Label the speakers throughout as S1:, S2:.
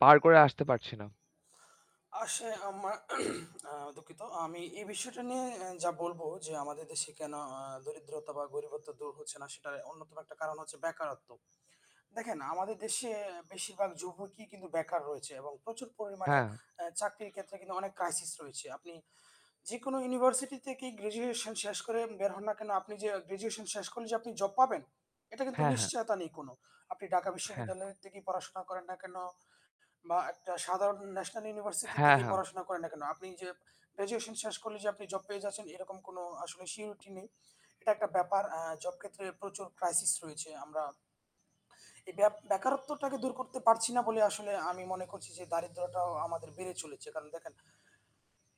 S1: পার করে আসতে পারছি না।
S2: আসে আমা আ দুঃখিত আমি এই বিষয়টা নিয়ে আ যা বলবো যে, আমাদের দেশে কেন আ দরিদ্রতা বা গরিবত্ব দূর হচ্ছে না, সেটার অন্যতম একটা কারণ হচ্ছে বেকারত্ব। দেখেন আমাদের দেশে বেশিরভাগ যুবকই কিন্তু বেকার রয়েছে এবং প্রচুর পরিমাণে
S1: হ্যাঁ।
S2: এ চাকরির ক্ষেত্রে কিন্তু অনেক ক্রাইসিস রয়েছে। আপনি যেকোনো ইউনিভার্সিটি থেকেই গ্র্যাজুয়েশন শেষ করে বের হন না কেনো আপনি যে গ্র্যাজুয়েশন শেষ করলে যে আপনি জব পাবেন, এটা কিন্তু
S1: হ্যাঁ, হ্যাঁ।
S2: নিশ্চয়তা নেই কোনো। আপনি ঢাকা
S1: হ্যাঁ।
S2: বিশ্ববিদ্যালয় থেকে পড়াশোনা করেন না কেনো বা একটা সাধারণ ন্যাশনাল ইউনিভার্সিটি
S1: হ্যাঁ,
S2: থেকেই
S1: হ্যাঁ।
S2: পড়াশোনা করেন না কেনো, আপনি যে গ্র্যাজুয়েশন শেষ করলে যে আপনি জব পেয়ে যাচ্ছেন এরকম কোনো আসলে surety নেই। এটা একটা ব্যাপার আ জব ক্ষেত্রে প্রচুর ক্রাইসিস রয়েছে। আমরা এই বে বেকারত্বটাকে দূর করতে পারছি না বলে আসলে আমি মনে করছি যে, দারিদ্রটাও আমাদের বেড়ে চলেছে। কারণ দেখেন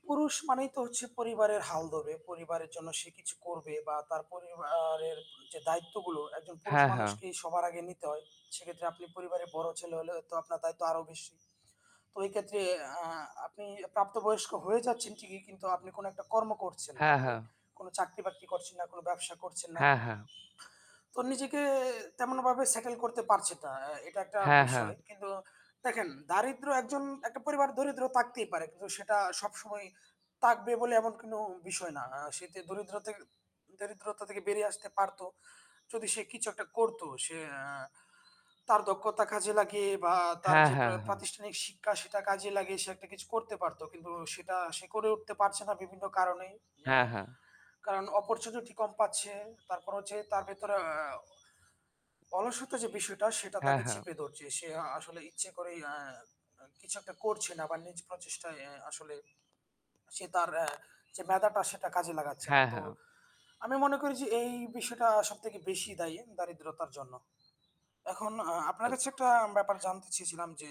S2: পুরুষ মানেই তো হচ্ছে পরিবারের হাল ধরবে, পরিবারের জন্য সে কিছু করবে বা তার পরিবারের যে দায়িত্বগুলো একজন পুরুষ
S1: হ্যাঁ, হ্যাঁ।
S2: মানুষকেই সবার আগে নিতে হয়। সেক্ষেত্রে আপনি পরিবারের বড় ছেলে হলে তো আপনার দায়িত্ব আরও বেশি। তো এই ক্ষেত্রে আ আপনি প্রাপ্ত বয়স্ক হয়ে যাচ্ছেন, ঠিকই কিন্তু আপনি কোনো একটা কর্ম করছেন না।
S1: হ্যাঁ,
S2: আপনি
S1: হ্যাঁ।
S2: কোনো চাকরি-বাকরি করছেন না, কোনো ব্যবসা করছেন না
S1: হ্যাঁ, হ্যাঁ।
S2: তো নিজেকে তেমনভাবে সেটল করতে পারছেন না। অ্যা এটা একটা
S1: হ্যাঁ, হ্যাঁ।
S2: বিষয়। কিন্তু, দেখেন দারিদ্র্য একজন একটা পরিবার দরিদ্র থাকতেই পারে। কিন্তু সেটা সবসময় থাকবে বলে এমন কোনো বিষয় না। আ সে যে দরিদ্র তে দরিদ্রতা থেকে বেরিয়ে আসতে পারত। যদি সে কিছু একটা করত সে আ তার দক্ষতা কাজে লাগিয়ে বা তার
S1: হ্যাঁ,
S2: যে প্র
S1: হ্যাঁ, হ্যাঁ।
S2: প্রাতিষ্ঠানিক শিক্ষা সেটা কাজে লাগিয়ে সে একটা কিছু করতে পারত। কিন্তু সেটা সে করে উঠতে পারছে না বিভিন্ন কারণে। আ
S1: হ্যাঁ, হ্যাঁ।
S2: কারণ অপরচুনিটি কম পাচ্ছে। তারপর হচ্ছে তার ভেতরে আ আ অলস্যত যে বিষয়টা, সেটা
S1: হ্যাঁ,
S2: তাকে
S1: হ্যাঁ।
S2: চেপে ধরছে। সে আ আসলে ইচ্ছে করেই আ আ কিছু একটা করছে না বা নিজ প্রচেষ্টায় অ্যা আসলে সে তার আ সে মেধাটা সেটা কাজে লাগাচ্ছে না।
S1: হ্যাঁ,
S2: তো
S1: হ্যাঁ।
S2: আমি মনে করি যে এই বিষয়টা সবথেকে বেশি দায়ী দারিদ্রতার জন্য। এখন আ আপনার
S1: [unintelligible]
S2: কাছে একটা ব্যাপার জানতে চেয়েছিলাম যে,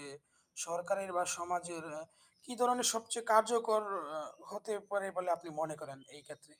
S2: সরকারের বা সমাজের আ কি ধরনের সবচেয়ে কার্যকর অ হতে পারে বলে আপনি মনে করেন এই ক্ষেত্রে?